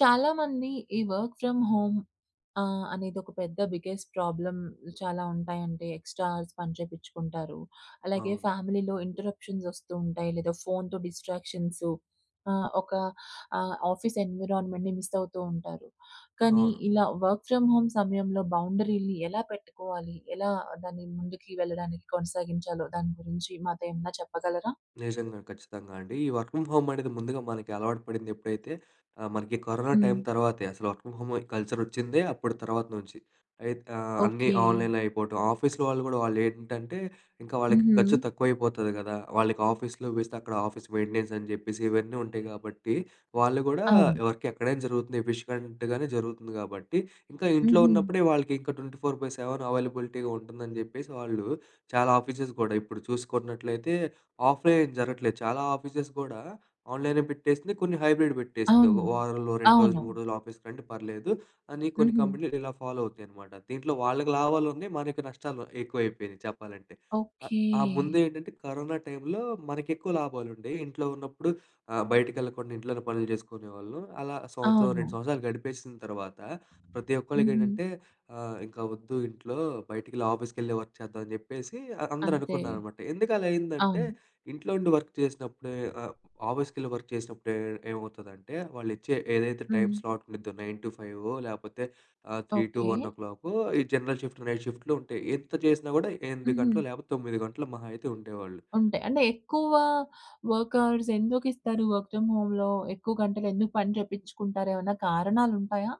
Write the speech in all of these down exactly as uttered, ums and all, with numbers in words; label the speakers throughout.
Speaker 1: చాలామంది ఈ work from home ఆహ్, అనేదొక పెద్ద బిగ్గెస్ట్ ప్రాబ్లమ్ చాలా ఉంటాయండి. ఎక్స్ట్రా హౌర్స్ పని చేపించుకుంటారు. అలాగే
Speaker 2: అవును.
Speaker 1: ఫ్యామిలీలో ఇంటెర్ప్షన్స్ వస్తూ ఉంటాయి లేదా ఫోన్‌తో డిస్ట్రాక్షన్సు. ఆహ్, ఒక ఆహ్, ఆఫీస్ ఎన్విరాన్మెంట్‌ని మిస్ అవుతూ ఉంటారు. కానీ,
Speaker 2: అవును.
Speaker 1: ఇలా వర్క్ ఫ్రమ్ హోమ్ సమయంలో బౌండరీలని ఎలా పెట్టుకోవాలి? ఎలా దాన్ని ముందుకి వెళ్ళడానికి కొనసాగించాలో దాని గురించి మాతో ఏమన్నా చెప్పగలరా?
Speaker 2: నిజంగా ఖచ్చితంగా అండి. ఈ వర్క్ ఫ్రమ్ హోమ్ అనేది ముందుగా మనకి అలవాటు పడింది ఎప్పుడైతే ఆహ్, మనకి కరోనా టైమ్
Speaker 1: హ్మ్.
Speaker 2: తర్వాతే. అసలు వర్క్ ఫ్రమ్ హోమ్ కల్చర్ వచ్చిందే అప్పుడు తర్వాత నుంచి. అయిత ఆహ్, అన్నీ
Speaker 1: ఓకె.
Speaker 2: ఆన్‌లైన్‌లో అయిపోవటం, ఆఫీస్‌లో వాళ్ళు కూడా వాళ్లేంటంటే ఇంకా వాళ్ళకి ఖర్చు
Speaker 1: హుహు.
Speaker 2: తక్కువ అయిపోతది కదా! వాళ్ళకి ఆఫీస్‌లో వేస్తే అక్కడ ఆఫీస్ మెయింటెనెన్స్ అని చెప్పేసి ఇవన్నీ ఉంటాయి కాబట్టి వాళ్ళు కూడా
Speaker 1: అవును.
Speaker 2: వర్క్ ఎక్కడైనా జరుగుతుంది ఎఫిషియెంట్‌గానే జరుగుతుంది కాబట్టి. ఇంకా ఇంట్లో
Speaker 1: హుహు.
Speaker 2: ఉన్నప్పుడే వాళ్ళకి ఇంకా ట్వంటీ ఫోర్ బై సెవెన్ అవైలబిలిటీగా ఉంటుందని చెప్పేసి వాళ్ళు చాలా ఆఫీసెస్ కూడా ఇప్పుడు చూసుకున్నట్లయితే ఆఫ్‌లైన్ ఏం జరగట్లేదు. చాలా ఆఫీసెస్ కూడా ఆన్‌లైనే పెట్టేసింది. కొన్ని హైబ్రిడ్ పెట్టేసింది. "ఒక
Speaker 1: అవును.
Speaker 2: వారంలో రెండు రోజులు,
Speaker 1: అవును.
Speaker 2: మూడు రోజులు ఆఫీస్‌కి రండి పర్లేదు" అని కొన్ని
Speaker 1: హుహు.
Speaker 2: కంపెనీలు ఇలా ఫాలో అవుతాయన్నమాట. దీంట్లో వాళ్ళకి లాభాలున్నాయి. మనకు నష్టాలు ఎక్కువవైపోయినాయి చెప్పాలంటే. ఆహ్
Speaker 1: ఓకే.
Speaker 2: ఆ ముందేంటంటే కరోనా టైంలో మనకి ఎక్కువ లాభాలుండేయి. ఇంట్లో ఉన్నప్పుడు ఆహ్, బయటికెళ్ళకుండా ఇంట్లోనే పనులు చేసుకునేవాళ్ళు. అలా సంవత్సరం, రెండు
Speaker 1: అవును.
Speaker 2: సంవత్సరాలు గడిపేసిన తర్వాత ప్రతి
Speaker 1: హుహు.
Speaker 2: ఒక్కళ్ళకేంటంటే ఆహ్, "ఇంక వద్దు ఇంట్లో, బయటకెళ్ళి, ఆఫీసుకెళ్ళి వర్క్ చేద్దాం" అని చెప్పేసి అ
Speaker 1: అంతే.
Speaker 2: అందరనుకున్నారనమాట. ఎందుకు అలా అయిందంటే
Speaker 1: అవును.
Speaker 2: ఇంట్లో ఉండి వర్క్ చేసినప్పుడే ఆహ్, ఆఫీసుకెళ్ళి వర్క్ చేసినప్పుడే ఏమవుతదంటే వాళ్ళిచ్చే ఏదైతే టైమ్
Speaker 1: హ్మ్.
Speaker 2: స్లాట్ ఉంటుందో నైన్ టు ఫైవో లేకపోతే ఆహ్, three two
Speaker 1: okay.
Speaker 2: One o'clock ఈ జనరల్ షిఫ్ట్, నైట్ షిఫ్ట్‌లు ఉంటాయి. ఎంత చేసినా కూడా ఎనిమిది గంటలు
Speaker 1: హుహు.
Speaker 2: లేకపోతే తొమ్మిది గంటలు మహా అయితే ఉండేవాళ్ళు.
Speaker 1: ఉంటాయి. అంటే ఎక్కువ వర్క్ హౌర్స్ ఎందుకు ఇస్తారు? వర్క్ ఫ్రమ్ హోమ్‌లో ఎక్కువ గంటలు ఎందుకు పని చేపించుకుంటారు? ఏమన్నా కారణాలుంటాయా?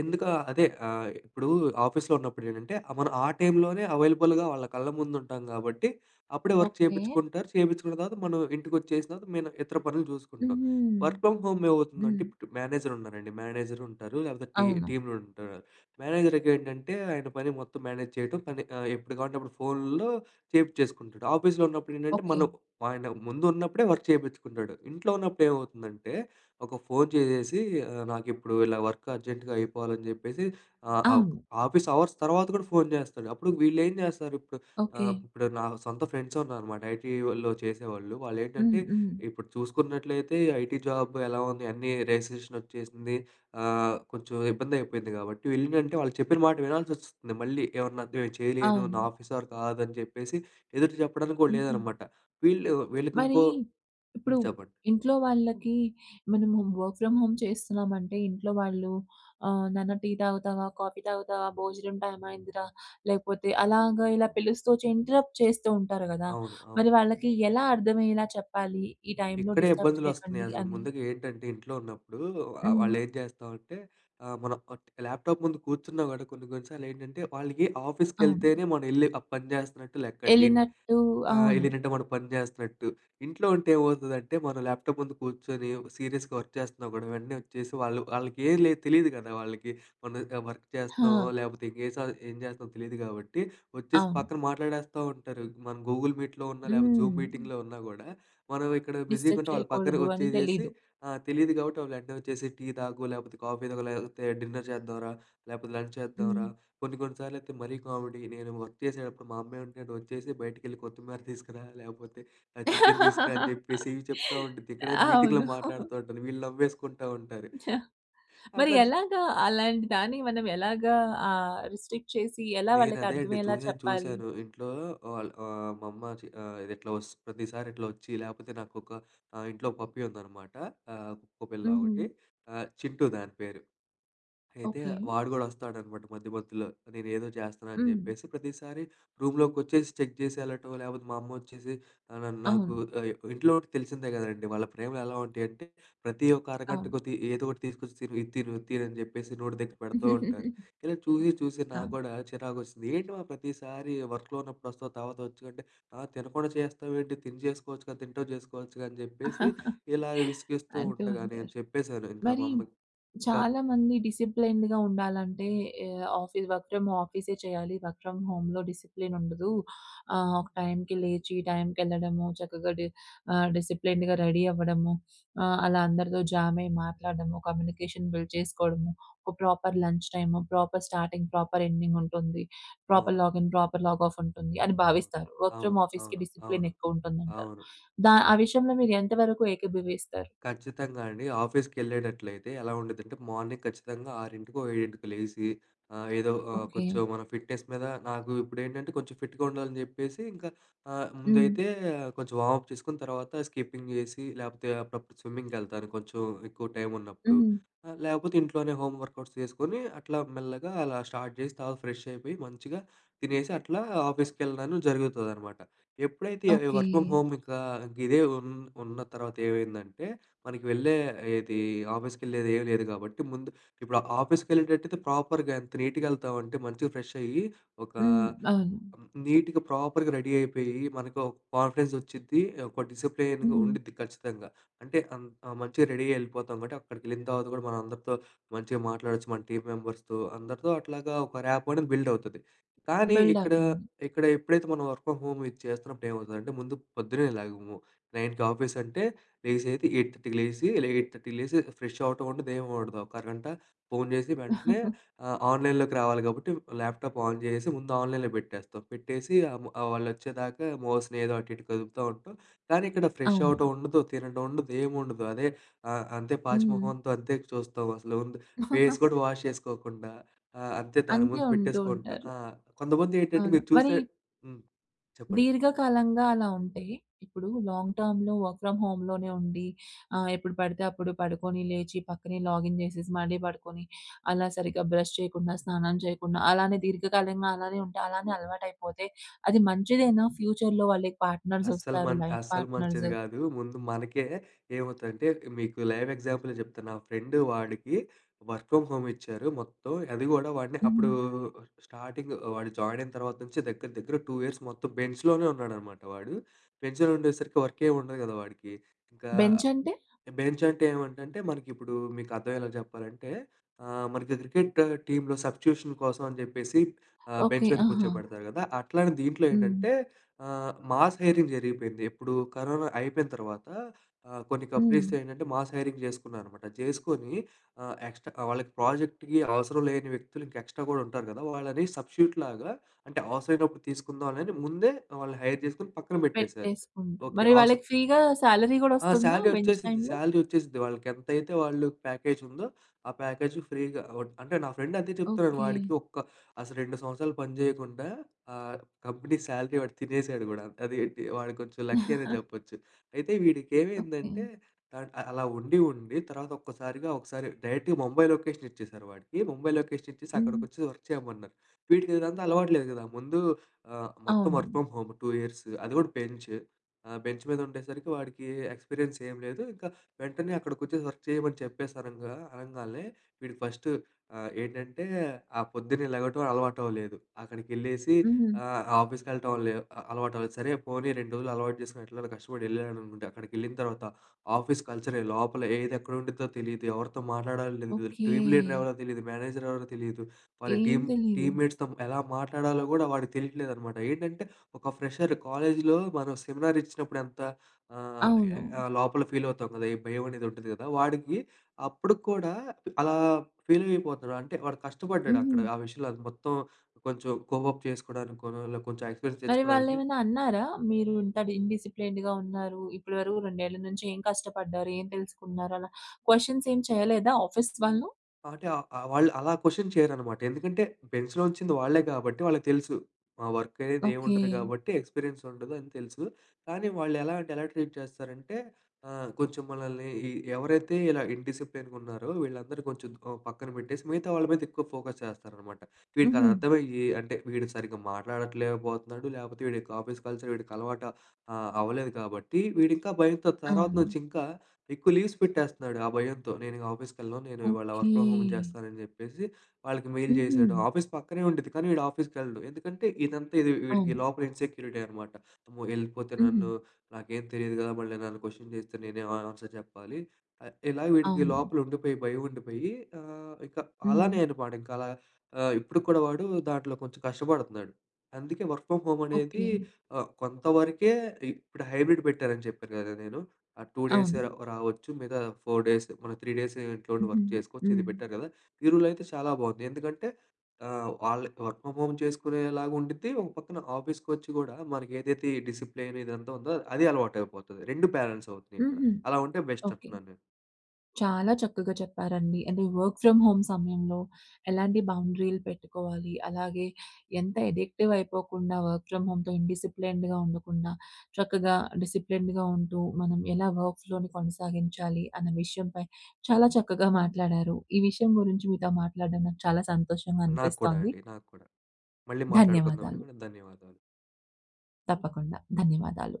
Speaker 2: ఎందుకు ఆ! అదే ఆహ్, ఇప్పుడు ఆఫీసులో ఉన్నప్పుడేంటంటే ఆహ్, మనం ఆ టైంలోనే అవైలబుల్‌గా వాళ్ళ కళ్ళ ముందు ఉంటాం గాబట్టి అప్పుడే వర్క్
Speaker 1: ఓకే.
Speaker 2: చేపిచుకుంటారు. చేపించుకున్న తర్వాత మనం ఇంటికొచ్చేసిన తర్వాత మేము ఇతర పనులు చూసుకుంటాం.
Speaker 1: హుహు.
Speaker 2: వర్క్ ఫ్రామ్ హోములో ఏమవుతుందంటే
Speaker 1: హ్మ్.
Speaker 2: ఇప్పుడు మేనేజర్ ఉన్నారండి. మేనేజరుంటారు లేకపోతే టీ
Speaker 1: అవును.
Speaker 2: టీమ్‌లుంటారు. మేనేజర్‍కేంటంటే ఆయన పని మొత్తం మేనేజ్ చేయటం పని ఆహ్, ఎప్పుడు గావాలంటే అప్పుడు ఫోనులో చేపించేసుకుంటాడు. ఆఫీసులో ఉన్నప్పుడేంటంటే మనం
Speaker 1: ఓకే.
Speaker 2: ఆయన ముందు ఉన్నప్పుడే వర్క్ చేపించుకుంటాడు. ఇంట్లో ఉన్నప్పుడు ఏమవుతుందంటే ఒక ఫోన్ చేసేసి "ఆహ్, నాకిప్పుడు ఇలా వర్క్ అర్జెంట్‌గా అయిపోవాలని" జెప్పేసి ఆహ్, ఒక్
Speaker 1: అవును.
Speaker 2: ఆఫీసు అవర్స్ తర్వాత కూడా ఫోన్ జేస్తాడు. అప్పుడు వీళ్లేం జేస్తారిప్పుడు
Speaker 1: ఓకే.
Speaker 2: ఆహ్, ఇప్పుడు నా సొంత ఫ్రెండ్సున్నారనమాట ఐటీలో చేసేవాళ్ళు.
Speaker 1: హ్మ్,
Speaker 2: వాళ్లేంటంటే
Speaker 1: హ్మ్.
Speaker 2: ఇప్పుడు చూసుకున్నట్లయితే ఈ ఐటీ జాబ్ ఎలా ఉంది అన్నీ రిసిషనొచ్చేసింది. ఆహ్, కొంచెం ఇబ్బందయిపోయిద్ది కాబట్టి వీళ్ళేందంటే వాళ్ళు చెప్పిన మాట వినాల్సివస్తుంది. మళ్ళీ ఏమన్నా ఇలా చేయలేను నా
Speaker 1: అవును.
Speaker 2: ఆఫీసవర్ కాదని జెప్పేసి ఎదురు చెప్పడానికి కూడా
Speaker 1: హుహు.
Speaker 2: లేదనమాట. వీళ్ళు వీళ్ళకి
Speaker 1: మరి!
Speaker 2: ఇంకో
Speaker 1: ఇప్పుడు
Speaker 2: హ్మ్. చెప్పండి.
Speaker 1: ఇంట్లో వాళ్ళకి మనము వర్క్ ఫ్రమ్ హోమ్ చేస్తున్నామంటే ఇంట్లో వాళ్ళు ఆ! "నాన్న టీ తాగుతావా, కాఫీ తాగుతావా, భోజనం టైమ్ అయిందిరా. లేకపోతే" అలాగా ఇలా పిలుస్తూ వచ్చి ఇంటరప్ట్ చేస్తూ ఉంటారు గదా!
Speaker 2: అవును. అవును.
Speaker 1: మరి వాళ్ళకి ఎలా అర్థమయ్యేలా చెప్పాలి. ఈ టైంలో
Speaker 2: ఇక్కడే
Speaker 1: డిస్టర్బ్
Speaker 2: ఇబ్బందులోస్తున్నాయి.
Speaker 1: చేయకండి
Speaker 2: అసలు
Speaker 1: అని.
Speaker 2: ముందుగా ఏంటంటే ఇంట్లో ఉన్నప్పుడు ఆహ్,
Speaker 1: హ్మ్.
Speaker 2: వాళ్ళేం చేస్తామంటే ఆహ్, మనం ఒట్ ల్యాప్‌టాప్ ముందు కూర్చున్నా గూడా కొన్ని, కొన్ని సార్లేంటంటే వాళ్ళకి
Speaker 1: అవును.
Speaker 2: ఆఫీస్‌కెళ్తేనే మనం ఎళ్లి ఆ పని చేస్తున్నట్టు లెక్కండి. ఇంట్
Speaker 1: ఎల్లినట్టు
Speaker 2: ఆహ్,
Speaker 1: అవును.
Speaker 2: ఎల్లినంటే మనం పని జేస్తున్నట్టు. ఇంట్లో ఉంటే ఏమవుతదంటే. మన ల్యాప్‌టాప్ ముందు కూర్చొని ఒక సీరియస్‌గా వర్క్ చేస్తున్నా గూడా వెంటనే వచ్చేసి వాళ్ళు వాళ్ళకేమి లేదు తెలీదు కదా వాళ్ళకి మనం ఆహ్, వర్క్ చేస్తున్నామో
Speaker 1: ఆ!
Speaker 2: లేకపోతే ఇంకే ఏ సది ఏం జేస్తున్నామో తెలీదు గాబట్టి వచ్చేసి
Speaker 1: అవును.
Speaker 2: పక్కన మాట్లాడేస్తా ఉంటారు. మనం గూగుల్ మీట్‍లో ఉన్నా, లేకపోతే జూమ్
Speaker 1: హ్మ్.
Speaker 2: మీటింగులో ఉన్నా కూడా, మనం ఇక్కడ బిజీగా
Speaker 1: డిస్టర్బ్
Speaker 2: ఉంటాం వాళ్ళు పక్కన
Speaker 1: చేయకూడదు అని
Speaker 2: వచ్చేసేసి
Speaker 1: తెలీదు.
Speaker 2: ఆహ్, తెలీదు కాబట్టి వాళ్ళు ఎంటనే వచ్చేసి "టీ తాగు లేకపోతే, కాఫీ తాగు లేకపోతే, డిన్నర్ చేద్దాం రా లేకపోతే, లంచ్ చేద్దాం
Speaker 1: హ్మ్.
Speaker 2: రా కొన్ని కొన్ని సార్లయితే మరీ కామెడీ నేను వర్క్ చేసేటప్పుడు మా అమ్మంటే వచ్చేసి బయటికెళ్ళి కొత్తిమీర తీసుకురా, లేకపోతే ఆహ్, చికెన్ తీసుకురా" అని చెప్పేసి ఇవి చెప్తా ఉండుద్ది. ఇక్కడేమో మీటింగులో
Speaker 1: అవును.
Speaker 2: మాట్లాడుతా ఉంటుంది. వీళ్ళు నవ్వేసుకుంటా ఉంటారు.
Speaker 1: మరి
Speaker 2: అట్లా చ్
Speaker 1: ఎలాగా అలాంటి దాన్ని మనం ఎలాగా ఆహ్, రిస్ట్రిక్ట్ చేసి ఎలా
Speaker 2: నేను
Speaker 1: వాళ్ళకి
Speaker 2: అదే అండి
Speaker 1: అర్థమయ్యేలా
Speaker 2: చూసాను,
Speaker 1: చెప్పాలి?
Speaker 2: చూసాను. ఇంట్లో వాళ్ళు ఆహ్, మా అమ్మ చి ఆహ్, ఇది ఇట్లా వస్త్ ప్రతిసారి ఇట్లా ఒచ్చి లేకపోతే నాకొక ఇంట్లో పప్పీ ఉందనమాట. ఆహ్, కుక్కపిల్ల
Speaker 1: హుహు.
Speaker 2: ఒకటి. చింటు దాని పేరు. అయితే
Speaker 1: ఓకే.
Speaker 2: వాడు గూడా వస్తాడనమాట మధ్య మధ్యలో. నేనేదో జేస్తున్నానని
Speaker 1: హ్మ్.
Speaker 2: జెప్పేసి ప్రతిసారి రూమ్‌లోకొచ్చేసి చెక్ జేసి ఎళ్ళటం లేకపోతే మా అమ్మొచ్చేసి ఆహ్, న నాకు
Speaker 1: అవును.
Speaker 2: ఆహ్, ఇంట్లో ఉంటే తెలిసిందే గదండీ వాళ్ళ ప్రేమలు ఎలా ఉంటాయంటే ప్రతి ఒక్క అరగంట
Speaker 1: అవును.
Speaker 2: కొద్ది ఏదో ఒకటి తీసుకొచ్చి "తిను ఇది తిను, ఇది తిను" అని చెప్పేసి నోటి దగ్గర పెడుతూ ఉంటారు. ఇలా చూసి, చూసి నాకు
Speaker 1: అవును.
Speaker 2: కూడా చిరాకొచ్చేసింది. "ఏంటి మా ప్రతిసారి వర్కులో ఉన్నప్పుడు వస్తావు తర్వాత వచ్చు, అంటే ఆ! తినకుండా చేస్తావేంటి? తిని చేసుకోవచ్చుగా తింటూ చేసుకోవచ్చుగా" అని చెప్పేసి ఇలా విసిగిస్తూ
Speaker 1: అంటూ
Speaker 2: ఉండగా నేను
Speaker 1: ఉంటారు.
Speaker 2: చెప్పేసాను. ఇంకా మా
Speaker 1: మరి
Speaker 2: అమ్మకి ఇంకా
Speaker 1: చాలామంది డిసిప్లిన్డ్‌గా ఉండాలంటే ఆహ్, ఆఫీసు వర్క్ ఫ్రమ్ ఆఫీసే చేయాలి. వర్క్ ఫ్రమ్ హోములో డిసిప్లిన్ ఉండదు. ఆహ్, ఒక టైంకి లేచి టైంకి ఎళ్ళడము. చక్కగా డి ఆహ్, డిసిప్లిన్డ్‌గా రెడీ అవ్వడము. ఆహ్, అలా అందరితో జామయి మాట్లాడడము. కమ్యూనికేషన్ బిల్డ్ చేసుకోడము. ఒక proper lunch time, proper starting, proper ఎండింగుంటుంది. ప్రాపర్
Speaker 2: అవును.
Speaker 1: లాగిన్, ప్రాపర్ లాగ్‌ఆఫ్ ఉంటుంది అని
Speaker 2: అవును.
Speaker 1: భావిస్తారు. వర్క్ ఫ్రమ్
Speaker 2: అవును,
Speaker 1: ఆఫీసుకి
Speaker 2: అవును, అవును.
Speaker 1: డిసిప్లినెక్కువ ఉంటుందంటారు.
Speaker 2: అవును.
Speaker 1: దా ఆ విషయంలో మీరు ఎంతవరకు ఏకీభవిస్తారు?
Speaker 2: ఖచ్చితంగా అండి. ఆఫీసుకెళ్ళేటట్లయితే ఎలా వుండిదంటే మార్నింగ్ ఖచ్చితంగా ఆరింటికో, ఏడింటికో లేసి ఆహ్, ఏదో ఆహ్,
Speaker 1: ఓకే.
Speaker 2: కొంచెం మన ఫిట్‍నెస్ మీద నాకు ఇప్పుడేంటంటే కొంచెం ఫిట్‍గా ఉండాలని చెప్పేసి ఇంకా ఆహ్,
Speaker 1: హ్మ్.
Speaker 2: ముందైతే కొంచెం వార్మప్ చేసుకొని తర్వాత స్కిపింగ్ జేసి లేకపోతే అప్పుడప్పుడు స్విమ్మింగ్‌కెళ్తాను. కొంచెం ఎక్కువ టైం ఉన్నప్పుడు
Speaker 1: హ్మ్.
Speaker 2: అ! లేకపోతే ఇంట్లోనే హోం వర్కౌట్స్ చేసుకొని అట్లా మెల్లగా అలా స్టార్ట్ జేసి తర్వాత ఫ్రెషయిపోయి మంచిగా తినేసి అట్లా ఆఫీసుకెళ్ళడం జరుగుతదనమాట. ఎప్పుడైతే
Speaker 1: ఓకే.
Speaker 2: వర్క్ ఫ్రమ్ హోమ్ ఇంకా ఇదే ఉన్ ఉన్న తర్వాత ఏమైందంటే. మనకి వెళ్ళేది ఆఫీసుకి వెళ్ళేది ఏమి లేదు కాబట్టి ముందు ఇప్పుడు ఆఫీసుకి వెళ్ళేటట్టయితే ప్రాపర్‌గా ఎంత నీట్‌గా ఎళ్తాం అంటే మంచిగా ఫ్రెషయ్యి ఒక
Speaker 1: హ్మ్. అవును.
Speaker 2: నీట్‍గా ప్రాపర్‌గా రెడీ అయిపోయి మనకు ఒక కాన్ఫిడెన్స్ వచ్చిద్ది ఒక డిసిప్లిన్‌గా
Speaker 1: హ్మ్.
Speaker 2: ఉండిద్ది ఖచ్చితంగా. అంటే అన్ ఆ! మంచిగా రెడీ అయ్యి ఎళ్ళిపోతాం. కాబట్టి అక్కడికెళ్ళిన తర్వాత గూడా మన అందరితో మంచిగా మాట్లాడొచ్చు మన టీమ్ మెంబర్స్‌తో అందరితో అట్లాగా ఒక ర్యాపొ అనేది బిల్డవుతది. కానీ ఇక్కడ
Speaker 1: బిల్డవుతుంది.
Speaker 2: ఇక్కడ ఎప్పుడైతే మనం వర్క్ ఫ్రామ్ హోమ్ ఇది చేస్తున్నప్పుడు ఏమవుతుందంటే ముందు పొద్దున్నేలెగము నైన్‌కి ఆఫీసు అంటే లేసేది ఎయిట్ థర్టీకి లేసి ఎయిట్ థర్టీకి లేసి ఫ్రెషవటం ఉండదు, ఏముండదు. ఒక అరగంట ఫోన్ జేసి వెంటనే ఆహ్, ఆన్‍లైన్‍లోకి రావాలి కాబట్టి ల్యాప్‍టాప్ ఆన్ చేసేసి ముందు ఆన్‍లైనులో పెట్టేస్తాం. పెట్టేసి ఆహ్, వాళ్ళు వచ్చేదాకా మౌస్ ఏదో అటు ఇటు కదుపుతా ఉంటాం. కానీ ఇక్కడ
Speaker 1: అవును.
Speaker 2: ఫ్రెషవడం ఉండదు. తినడం ఉండదు. ఏముండదు. అదే ఆహ్, అంతే పాచి
Speaker 1: హ్మ్.
Speaker 2: మొహంతో అంతే చూస్తాం అసలు ఫేస్ కూడా వాష్ చేసుకోకుండా. అ అంతే దాని
Speaker 1: అంతే
Speaker 2: ముందు
Speaker 1: ఉంటూ
Speaker 2: పెట్టేసుకుంటాం
Speaker 1: ఉంటారు.
Speaker 2: ఆ! కొంతమంది ఏంటంటే
Speaker 1: అవును.
Speaker 2: మీరు
Speaker 1: మరి
Speaker 2: చూస్తే హ్మ్. చెప్పండి
Speaker 1: దీర్ఘకాలంగా అలా ఉంటే, ఇప్పుడు లాంగ్ టర్మ్‌లో వర్క్ ఫ్రమ్ హోమ్‌లోనే ఉండి ఆహ్, ఎప్పుడు పడితే అప్పుడు పడుకొని లేచి పక్కనే లాగిన్ జేసేసి మళ్ళీ పడుకొని. అలా సరిగ్గా బ్రష్ చేయకుండా, స్నానం చేయకుండా అలానే దీర్ఘకాలంగా అలానే ఉంటే అలానే అలవాటు అయిపోతే. అది మంచిదేనా? ఫ్యూచర్‌లో వాళ్ళకి
Speaker 2: అస్సలు
Speaker 1: పార్ట్నర్సొస్తారు
Speaker 2: మంట్
Speaker 1: లైఫ్
Speaker 2: అస్సలు మంచిది
Speaker 1: పార్ట్నర్సు.
Speaker 2: గాదు. ముందు మనకే ఏమవుతదంటే మీకు లైవ్ ఎగ్జాంపులే జెప్తాను. మా ఫ్రెండు వాడికి వర్క్ ఫ్రమ్ హోమ్ ఇచ్చారు మొత్తం. అది కూడా వాడిని అప్పుడు
Speaker 1: హ్మ్.
Speaker 2: స్టార్టింగ్ వాడు జాయినయిన తర్వాత నుంచి దగ్గర దగ్గర టూ ఇయర్స్ మొత్తం బెంచ్‌లోనే ఉన్నాడనమాట వాడు. బెంచ్‌లో ఉండేసరికి వర్కేం ఉండదు గదా వాడికి. ఇంకా
Speaker 1: బెంచంటే?
Speaker 2: బెంచంటే ఏమంటంటే మనకిప్పుడు మీకు అర్థమయ్యేలా చెప్పాలంటే. ఆహ్, మనకి క్రికెటు టీములో సబ్‌స్టిట్యూషన్ కోసమని జెప్పేసి ఆహ్, బెంచ్
Speaker 1: ఓకే.
Speaker 2: మీద
Speaker 1: అహా!
Speaker 2: కూర్చోపెడతారు గదా! అట్లానే దీంట్లో
Speaker 1: హ్మ్.
Speaker 2: ఏంటంటే ఆహ్, మాస్ హైరింగ్ జరిగిపోయింది. ఎప్పుడు కరోనా అయిపోయిన తర్వాత ఆహ్, కొన్ని కంపెనీస్
Speaker 1: హ్మ్.
Speaker 2: ఏంటంటే మాస్ హైరింగ్ జేసుకున్నారనమాట. జేసుకొని ఆహ్, ఎక్స్‌ట్రా వాళ్ళకి ప్రాజెక్ట్‌కి అవసరం లేని వ్యక్తులు ఇంకా ఎక్స్‌ట్రా గూడా ఉంటారు గదా! వాళ్ళని సబ్‌స్టిట్యూట్ లాగా అంటే అవసరమైనప్పుడు తీసుకుందాంలే అని ముందే వాళ్ళని హైర్ జేసుకొని పక్కన బెట్టేసారు.
Speaker 1: పెట్టేసుకుంటు
Speaker 2: ఓకే.
Speaker 1: మరి
Speaker 2: అవసర్
Speaker 1: వాళ్ళకి ఫ్రీ గా సాలరీ
Speaker 2: ఆ!
Speaker 1: కూడొస్తుందా?
Speaker 2: శాలరీ
Speaker 1: బెంచ్
Speaker 2: ఒచ్చేసిద్ది,
Speaker 1: టైములో.
Speaker 2: శాలరీ ఒచ్చేసిద్ది. వాళ్ళకి ఎంతైతే వాళ్ళు ప్యాకేజ్ ఉందో ఆ ప్యాకేజూ ఫ్రీగా ఓడ్ అంటే నా ఫ్రెండు అంతే చెప్తాడు.
Speaker 1: ఓకే.
Speaker 2: వాడికి ఒక్క అసలు రెండు సంవత్సరాలు పని జేయకుండా ఆహ్, కంపెనీ శాలరీ వాడు తినేసాడు గూడా! అది ఏంటి వాడు కొంచెం లక్కీ అనే జెప్పొచ్చు. అయితే వీడికి
Speaker 1: ఓకే.
Speaker 2: ఏమైందంటే థర్డ్ అలా ఉండి ఉండి తర్వాత ఒక్కసారిగా ఒకసారి డైరెక్ట్‌గా ముంబై లొకేషన్ ఇచ్చేసారు వాడికి. ముంబై లొకేషన్ ఇచ్చేసి
Speaker 1: హ్మ్.
Speaker 2: అక్కడికొచ్చి వర్క్ చేయమన్నారు. వీడికిదంతా అలవాటు లేదు గదా! ముందు ఆహ్, మొత్తం వర్క్
Speaker 1: అవును.
Speaker 2: ఫ్రమ్ హోమ్ టూ ఇయర్స్ అది కూడా బెంచ్ ఆహ్, బెంచ్ మీద ఉండేసరికి వాడికి ఎక్స్‌పీరియన్స్ ఏమి లేదు ఇంకా వెంటనే అక్కడకొచ్చేసి వర్క్ చేయమని చెప్పేసి అనంగ అనంగానే వీడు ఫస్టు ఆహ్, ఏంటంటే ఆ పొద్దున్నే లేగటం అలవాటవ్వలేదు. అక్కడికెళ్ళేసి
Speaker 1: హ్మ్.
Speaker 2: ఆహ్, ఆఫీసుకెళ్ళటం లే అలవాటులేదు. సరే పోనీ రెండు రోజులు అలవాటు చేసుకొని ఎట్లాగొ కష్టపడి ఎళ్ళాడు అనుకుంటే అక్కడికి ఎళ్ళిన తర్వాత ఆఫీసు కల్చర్ లోపలేది ఎక్కడవుండిద్దో తెలీదు, ఎవరితో మాట్లాడాలో తెలీదు.
Speaker 1: ఓకే.
Speaker 2: టీమ్ లీడర్ ఎవరో తెలీదు, మేనేజర్ ఎవరో తెలీదు. వాళ్ళ
Speaker 1: ఏం
Speaker 2: టీమ్,
Speaker 1: తెలీదు.
Speaker 2: టీమ్ మేట్స్‌తో ఎలా మాట్లాడాలో గూడా వాడికి తెలీట్లేదన్నమాట. ఏంటంటే ఒక ఫ్రెషర్ కాలేజీలో మనం సెమినార్ ఇచ్చినప్పుడు ఎంత ఆహ్,
Speaker 1: అవును.
Speaker 2: లోపల ఫీలవుతాం గదా! ఈ భయం అనేది ఉంటది కదా వాడికి అప్పుడు కూడా అలా ఫీలయిపోతాడు. అంటే వాడు కష్టపడ్డాడు అక్కడ
Speaker 1: హుహు.
Speaker 2: ఆ విషయంలో మొత్తం కొంచెం కోప్అప్ చేసుకోవడానికి కొంచెం ఎక్స్‌పీరియన్స్
Speaker 1: మరి
Speaker 2: తెచ్చుకోడానికి.
Speaker 1: వాళ్ళెమనా అన్నారా? మీరు ఇంత ఇండిస్‌ప్లేయిన్డ్‌గా ఉన్నారు. ఇప్పటి వరకు రెండేళ్ల నుంచి ఏం కష్టపడ్డారు? ఏం తెలుసుకున్నారు? అలా క్వశ్చన్స్ ఏమి చేయలేదా ఆఫీసు వాళ్ళు.
Speaker 2: అటే అ ఆహ్, వాళ్ళు అలా కొషన్ చేయరనమాట. ఎందుకంటే, బెంచ్‌లో ఉంచింది వాళ్ళే కాబట్టి వాళ్ళకి తెలుసు. ఆహ్, వర్క్ అనేది ఏం
Speaker 1: ఓకె.
Speaker 2: ఉండదు కాబట్టి ఎక్స్పిరియన్స్ ఉండదు అని తెలుసు. కానీ వాళ్ళెలా అంటే, ఎలా ట్రీట్ చేస్తారంటే, ఆహ్, కొంచెం మనల్ని ఈ ఎవరైతే ఇలా ఇన్‌డిసిప్లీన్‌గున్నారో వీళ్ళందరూ కొంచెం ఓ పక్కన పెట్టేసి, మిగతా వాళ్ళ మీదెక్కువ ఫోకస్ చేస్తారనమాట.
Speaker 1: హుహు.
Speaker 2: వీడికదర్థమయ్యి అంటే వీడు సరిగ్గా మాట్లాడట్లేకబోతనాడు. లేపోతే, వీడికి ఆఫీస్ కల్చర్ వీడికలవాట ఆహ్, అవలేదు కాబట్టి వీడింకా భయంతో తర్వాత
Speaker 1: అవును.
Speaker 2: నుంచింకా ఎక్కువ లీవ్స్ పెట్టేస్తనాడు ఆ భయంతో. "నేనిక ఆఫీస్‌కి ఎళ్ళను. నేను ఇవాళ వర్క్
Speaker 1: ఓకె.
Speaker 2: ఫ్రమ్ హోమ్ జేస్తనానని" జెప్పేసి వాళ్ళకి మెయిల్ జేశాడు.
Speaker 1: హుహు.
Speaker 2: ఆఫీస్ పక్కనే ఉండిద్ది. కానీ వీడు ఆఫీస్‌కెళ్ళడు. ఎందుకంటే, ఇదంతా ఇది వి వీడికి
Speaker 1: అవును.
Speaker 2: లోపల ఇన్సెక్యూరిటీ అనమాట. అమ్మో! ఎళిపోతే
Speaker 1: హుహు.
Speaker 2: నన్ను నాకేం తెలియదు కదా. మళ్ళీ నన్ను కొషన్ జేస్తే నేనే అని ఆన్సర్ చెప్పాలి. ఆహ్, ఇలా వీడికి
Speaker 1: అవును.
Speaker 2: లోపలుండిపోయి భయం ఉండిపోయి ఆహ్, ఇక
Speaker 1: హ్మ్.
Speaker 2: అలానే అనమాట ఇంకలా ఆహ్, ఇప్పుడు కూడా వాడు దాంట్లో కొంచెం కష్టపడతనాడు. అందుకే వర్క్ ఫ్రమ్ హోమ్ అనేది
Speaker 1: ఓకె.
Speaker 2: ఆహ్, కొంతవరకే ఇ ఇప్పుడు హైబ్రిడ్ పెట్టారని చెప్పారు కదా నేను. ఆహ్, టూ డేసే
Speaker 1: అవును.
Speaker 2: ఒ రావచ్చు. మిగతా ఫోర్ డేస్. మనం త్రీ డేస్ ఇంట్లో ఉండి
Speaker 1: హుహు.
Speaker 2: వర్క్ చేసుకోచ్చు. ఇది
Speaker 1: హ్మ్.
Speaker 2: పెట్టారు కదా. ఈ రూల్ అయితే చాలా బావుంది. ఎందుకంటే ఆహ్, వాళ్ళకి వర్క్ ఫ్రమ్ హోమ్ చేసుకునేలాగ ఉండిద్ది. ఒక పక్కన ఆఫీస్‌కొచ్చి గూడా మనకేదైతే ఈ డిసిప్లీన్‌ ఇదంతా ఉందో అది అలవాటైపోతది. రెండు బ్యాలెన్స్ అవుతున్నాయిక్కడ.
Speaker 1: హుహు.
Speaker 2: అలా ఉంటే బెస్ట్
Speaker 1: ఓకె.
Speaker 2: అంటున్నాను నేను.
Speaker 1: చాలా చక్కగా చెప్పారండి. అంటే వర్క్ ఫ్రమ్ హోమ్ సమయంలో, ఎలాంటి బౌండరీలు పెట్టుకోవాలి, అలాగే ఎంత ఎడిక్టివ్ అయిపోకుండా వర్క్ ఫ్రమ్ హోమ్‌తో ఇండిసిప్లీన్డ్‌గా ఉండకుండా, చక్కగా డిసిప్లిన్డ్‌గా ఉంటూ మనం ఎలా వర్క్‌ ఫ్లోని కొనసాగించాలి అన్న విషయంపై చాలా చక్కగా మాట్లాడారు. ఈ విషయం గురించి మీతో మాట్లాడడం నాకు చాలా సంతోషంగా
Speaker 2: నాకు కూడా
Speaker 1: అనిపిస్తోంది.
Speaker 2: అండి. నాకు కూడా. మళ్ళీ మాట్లాడుకుందామండి
Speaker 1: ధన్యవాదాలు.
Speaker 2: మనం. ధన్యవాదాలు.
Speaker 1: తప్పకుండా. ధన్యవాదాలు!